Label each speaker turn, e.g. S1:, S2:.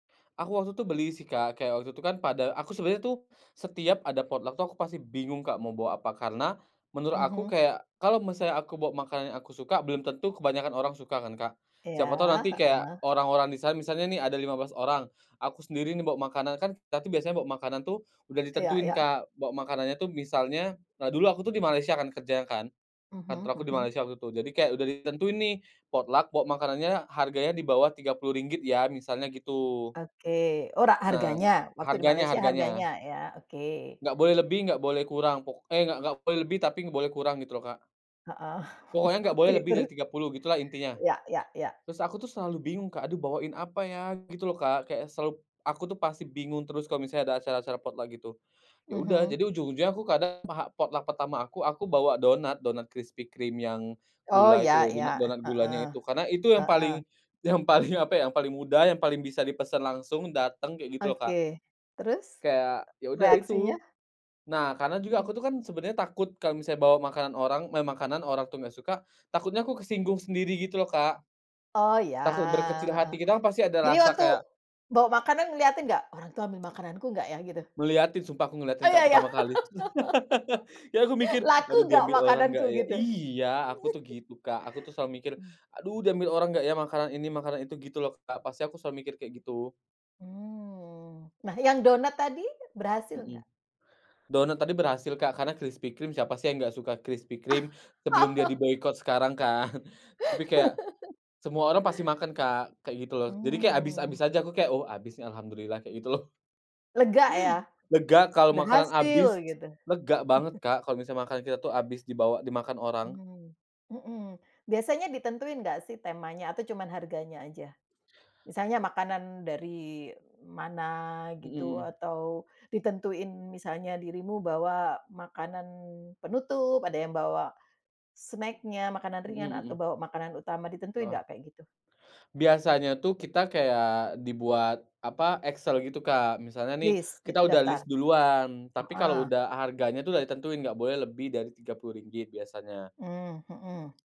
S1: Aku waktu itu beli, sih, Kak, kayak waktu itu, kan, pada aku sebenernya, tuh, setiap ada potluck waktu aku pasti bingung Kak mau bawa apa. Karena, menurut aku
S2: Mhm.
S1: kayak, kalau misalnya aku bawa makanan yang aku suka, belum tentu kebanyakan orang suka, kan, Kak. Siapa tau
S2: Iya.
S1: nanti kayak
S2: Heeh.
S1: orang-orang di sana, misalnya, nih, ada 15 orang, aku sendiri, nih, bawa makanan, kan, kita, tuh, biasanya, bawa makanan, tuh, udah
S2: Iya
S1: ditentuin
S2: iya.
S1: Kak. Bawa makanannya, tuh, misalnya nah, dulu aku tuh di Malaysia kan kerja kan, kantor
S2: Mhm
S1: aku di
S2: mhm.
S1: Malaysia waktu itu. Jadi kayak udah ditentuin, nih, potluck bawa makanannya harganya di bawah RM30 ya, misalnya gitu.
S2: Oke. ora
S1: Nah.
S2: harganya, waktu di
S1: Harganya
S2: Malaysia
S1: harganya.
S2: harganya, iya, oke
S1: Nggak boleh lebih, nggak boleh kurang. Pok eh, nggak nggak boleh lebih, tapi boleh kurang gitu loh Kak.
S2: Heeh.
S1: Pokoknya nggak boleh
S2: Oke
S1: lebih dari
S2: terus.
S1: RM30, gitulah intinya.
S2: Iya iya iya.
S1: Terus aku tuh, selalu bingung Kak, aduh bawain apa ya, gitu loh Kak, kayak selalu aku tuh pasti bingung terus kalo misalnya ada acara-acara potluck gitu. Yaudah,
S2: Mhm.
S1: jadi ujung-ujungnya aku kadang, mah potluck pertama aku, aku bawa donat, donat Krispy Kreme yang
S2: Oh
S1: gula
S2: iya
S1: itu loh,
S2: iya,
S1: donat-donat gulanya
S2: heeh.
S1: itu. Karena itu yang
S2: Heeh.
S1: paling yang paling apa, ya, yang paling mudah, yang paling bisa dipesen langsung, dateng, kaya gitu loh Kak.
S2: Oke. Terus?
S1: Kayak, ya udah itu.
S2: Reaksinya?
S1: Nah, karena juga
S2: Heeh.
S1: aku tuh kan, sebenernya takut kalo misalnya bawa makanan orang meh makanan orang, tuh, nggak suka, takutnya aku kesinggung sendiri, gitu loh Kak.
S2: Oh, iya,
S1: Takut berkecil
S2: heeh.
S1: hati, kita pasti ada
S2: Jadi
S1: rasa
S2: waktu
S1: kayak
S2: bawa makanan, ngeliatin nggak? "Orang itu ambil makananku nggak, ya?" gitu?
S1: Ngeliatin, sumpah aku
S2: Oh,
S1: ngeliatin Kak
S2: iya iya.
S1: pertama kali itu. Ya, aku mikir, "Aduh
S2: "Laku nggak
S1: diambil orang nggak,
S2: makananku?"
S1: ya?"
S2: gitu?
S1: Iya, aku, tuh, gitu Kak. Aku, tuh, selalu mikir,
S2: Mmm.
S1: "Aduh diambil orang nggak, ya, makanan ini, makanan itu." Gitu loh Kak, pasti aku selalu mikir kayak gitu.
S2: Mmm. Nah yang donat tadi, berhasil
S1: Mhm.
S2: nggak?
S1: Donat tadi berhasil Kak, karena Krispy Kreme, siapa, sih, yang nggak suka Krispy Kreme. Sebelum dia diboikot sekarang, kan, tapi kayak semua orang pasti makan Kak, kayak gitu, loh. Jadi kayak habis-habis
S2: Mmm.
S1: aja, aku kayak "Oh, abis, nih, alhamdulillah," kayak gitu loh.
S2: Lega, ya?
S1: Lega kalo makanan
S2: Berhasil,
S1: abis,
S2: gitu.
S1: lega banget Kak, kalo makanan kita, tuh, abis dibawa dimakan orang.
S2: Mmm, mhm. Biasanya ditentuin nggak, sih, temanya? Atau cuma harganya aja? Misalnya makanan dari mana
S1: Mhm
S2: gitu
S1: mhm.
S2: atau ditentuin misalnya dirimu bawa makanan penutup, ada yang bawa snack-nya, makanan
S1: Mhm
S2: ringan atau
S1: mhm.
S2: bawa makanan utama ditentuin
S1: Heeh.
S2: nggak kayak gitu?
S1: Biasanya, tuh, kita kayak dibuat apa Excel gitu Kak, misalnya, nih,
S2: List,
S1: kita
S2: gitu
S1: udah list
S2: daftar.
S1: duluan, tapi kalau
S2: Heeh.
S1: udah harganya, tuh, udah ditentuin nggak boleh lebih dari RM30 biasanya.
S2: Mmm, mhm.